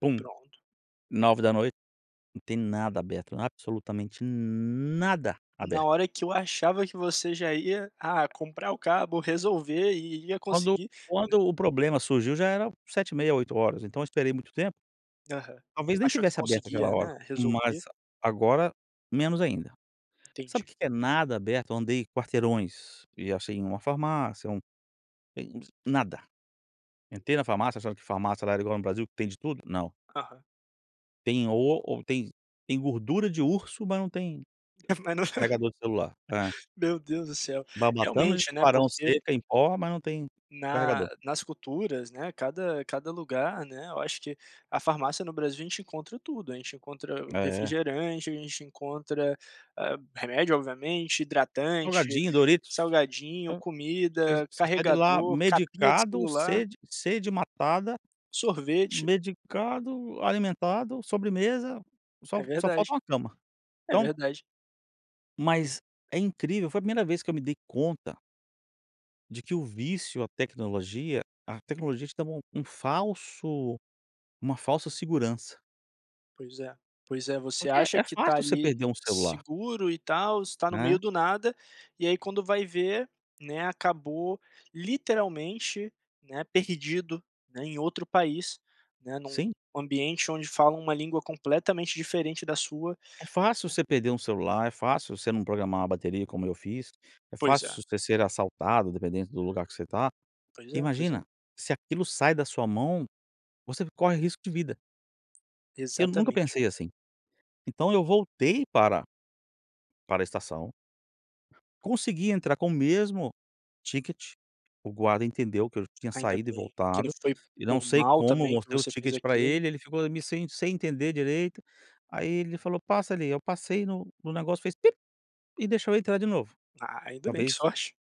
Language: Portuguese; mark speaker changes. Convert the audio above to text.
Speaker 1: Bum,
Speaker 2: Pronto.
Speaker 1: 21:00, não tem nada aberto, absolutamente nada
Speaker 2: Na
Speaker 1: aberto.
Speaker 2: hora que eu achava, que você já ia, ah, comprar o cabo, resolver e ia
Speaker 1: Quando
Speaker 2: conseguir, né.
Speaker 1: quando o problema surgiu, já era 19:30, 20:00, então eu esperei muito tempo
Speaker 2: Aham,
Speaker 1: talvez nem
Speaker 2: achou que
Speaker 1: tivesse aberto aquela
Speaker 2: conseguia,
Speaker 1: hora,
Speaker 2: né,
Speaker 1: mas
Speaker 2: resolver?
Speaker 1: agora menos ainda. Sabe, o
Speaker 2: Entendi.
Speaker 1: que que é nada aberto, eu andei quarteirões, e achei em uma farmácia um, eh, ens nada. Entrei na farmácia, sabe, que farmácia lá igual no Brasil que tem de tudo? Não.
Speaker 2: Aham.
Speaker 1: Tem o ou tem tem gordura de urso, mas não tem
Speaker 2: Ah, mas no
Speaker 1: carregador de celular, é.
Speaker 2: meu Deus do céu,
Speaker 1: Barbatanas de
Speaker 2: realmente, né,
Speaker 1: tubarão
Speaker 2: porque
Speaker 1: seca em pó, mas não tem
Speaker 2: na
Speaker 1: carregador.
Speaker 2: nas culturas, né, cada cada lugar, né, eu acho que a farmácia no Brasil, a gente encontra tudo, a gente encontra
Speaker 1: É.
Speaker 2: refrigerante, a gente encontra, hã, remédio obviamente, hidratante,
Speaker 1: Salgadinho, doritos,
Speaker 2: salgadinho,
Speaker 1: vo você
Speaker 2: comida,
Speaker 1: você sai de lá
Speaker 2: carregador, capinha de
Speaker 1: medicado,
Speaker 2: celular.
Speaker 1: sede sede matada,
Speaker 2: Sorvete.
Speaker 1: medicado, alimentado, sobremesa,
Speaker 2: É
Speaker 1: só só falta
Speaker 2: verdade,
Speaker 1: uma cama.
Speaker 2: é
Speaker 1: Então
Speaker 2: verdade.
Speaker 1: Mas é incrível, foi a 1º vez que eu me dei conta de que o vício à tecnologia, a tecnologia te dá um um falso uma falsa segurança.
Speaker 2: Pois é, pois é você
Speaker 1: Porque é
Speaker 2: acha
Speaker 1: é
Speaker 2: que tá
Speaker 1: fácil, você
Speaker 2: ali
Speaker 1: perder um celular.
Speaker 2: seguro, e tal, você tá no meio
Speaker 1: Né?
Speaker 2: do nada, e aí quando vai ver, né, acabou literalmente, né, perdido, né, em outro país, né,
Speaker 1: Sim.
Speaker 2: num ambiente, onde falam uma língua completamente diferente da sua.
Speaker 1: É fácil você perder um celular, é fácil você não programar uma bateria como eu fiz, é
Speaker 2: Pois é.
Speaker 1: fácil você ser assaltado, dependendo do lugar que você tá.
Speaker 2: Pois é, pois é.
Speaker 1: Imagina, se aquilo sai da sua mão, você corre risco de vida. Eu nunca
Speaker 2: Exatamente.
Speaker 1: pensei, assim. Então eu voltei para para estação consegui entrar com o mesmo ticket, o guarda entendeu que eu tinha
Speaker 2: Ainda
Speaker 1: saído e
Speaker 2: bem que não
Speaker 1: voltado,
Speaker 2: foi
Speaker 1: e não
Speaker 2: por
Speaker 1: sei
Speaker 2: mal,
Speaker 1: como,
Speaker 2: também, que
Speaker 1: mostrei o
Speaker 2: você fez
Speaker 1: ticket pra
Speaker 2: aquilo.
Speaker 1: ele, ele ficou ali sem sem entender direito, aí ele falou: “Passa ali,” eu passei no no negócio fez, bip, e deixou eu entrar de novo.
Speaker 2: Ah, ainda bem, que
Speaker 1: Talvez
Speaker 2: sorte.